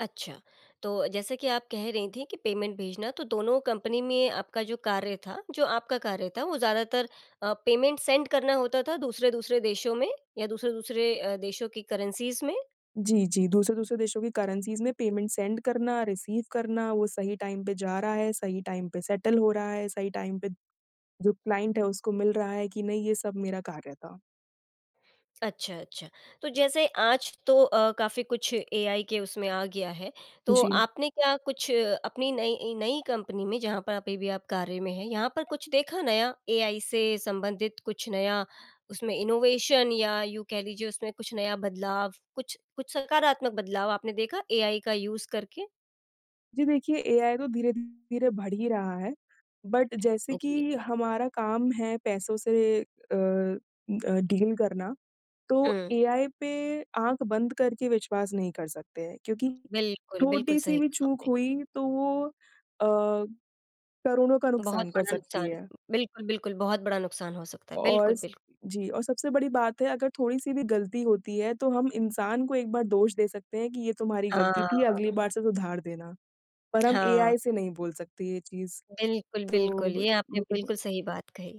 अच्छा, तो जैसे कि आप कह रही थी कि पेमेंट भेजना, तो दोनों कंपनी में आपका जो कार्य था, जो आपका कार्य था वो ज़्यादातर अ, पेमेंट सेंड करना होता था दूसरे-दूसरे देशों में या दूसरे-दूसरे अ, देशों की करेंसीज़ में? जी, जी, दूसरे-दूसरे देशों की करेंसीज़ में पेमेंट सेंड करना, रिसीव करना, वो सही टाइम पे जा रहा है, सही टाइम पे सेटल हो रहा है, सही टाइम पे जो क्लाइंट है, उसको मिल रहा है कि नहीं? ये सब मेरा कार्य था। अच्छा, अच्छा, तो जैसे आज तो अ, काफ़ी कुछ एआई के उसमें आ गया है, तो जी। आपने क्या कुछ अपनी नई नई कंपनी में, जहाँ पर अभी भी आप कार्य में हैं यहाँ पर कुछ देखा नया एआई से संबंधित कुछ नया? उसमें इनोवेशन या यूँ कह लीजिए उसमें कुछ नया बदलाव? कुछ कुछ सकारात्मक बदलाव आपने देखा एआई का यूज़ करके? जी, देखिए एआई तो धीरे-धीरे बढ़ ही रहा है। बट जैसे अ, जी। कि हमारा काम है पैसों से अ अ, डील करना, तो हुँ। एआई पे आँख बंद करके विश्वास नहीं कर सकते हैं क्योंकि बिल्कुल, बिल्कुल छोटी-सी सही भी कहा चूक आपने। हुई, तो वो अ, करोड़ों का बहुत नुकसान कर बड़ा सकती नुकसान, है। बिल्कुल, बिल्कुल, बहुत बड़ा नुकसान हो सकता है, औ बिल्कुल, इस बिल्क जी और सबसे बड़ी बात है, अगर थोड़ी-सी भी गलती होती है, तो हम इंसान को एक बार दोष दे सकते हैं कि ये तुम्हारी गलती थी, अगली हाँ। बार से सुधार देना, पर हम हाँ। एआई से नहीं बोल सकते ये चीज़। बिल्कुल, तो बिल्कुल, ब ये आपने मुझे ब बिल्कुल सही बात कही।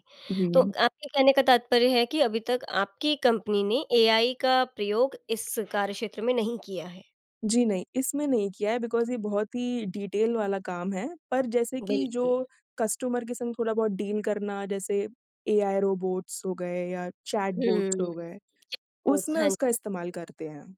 तो जी। आपके कहने का तात्पर्य है कि अभी तक आपकी कंपनी ने एआई का प्रयोग इस कार्यक्षेत्र में नहीं किया है। जी नहीं, इसमें नहीं किया है, बिकॉज़ ये बहुत ही डीटेल वाला काम है पर जैसे कि बिल्कुल। जो कस्टमर के संग थोड़ा-बहुत डील करना जैसे एआई रोबोट्स हो गए या चैटबॉट्स हुँ। हो गए, ओ उसमें हन उसका इस्तेमाल करते हैं।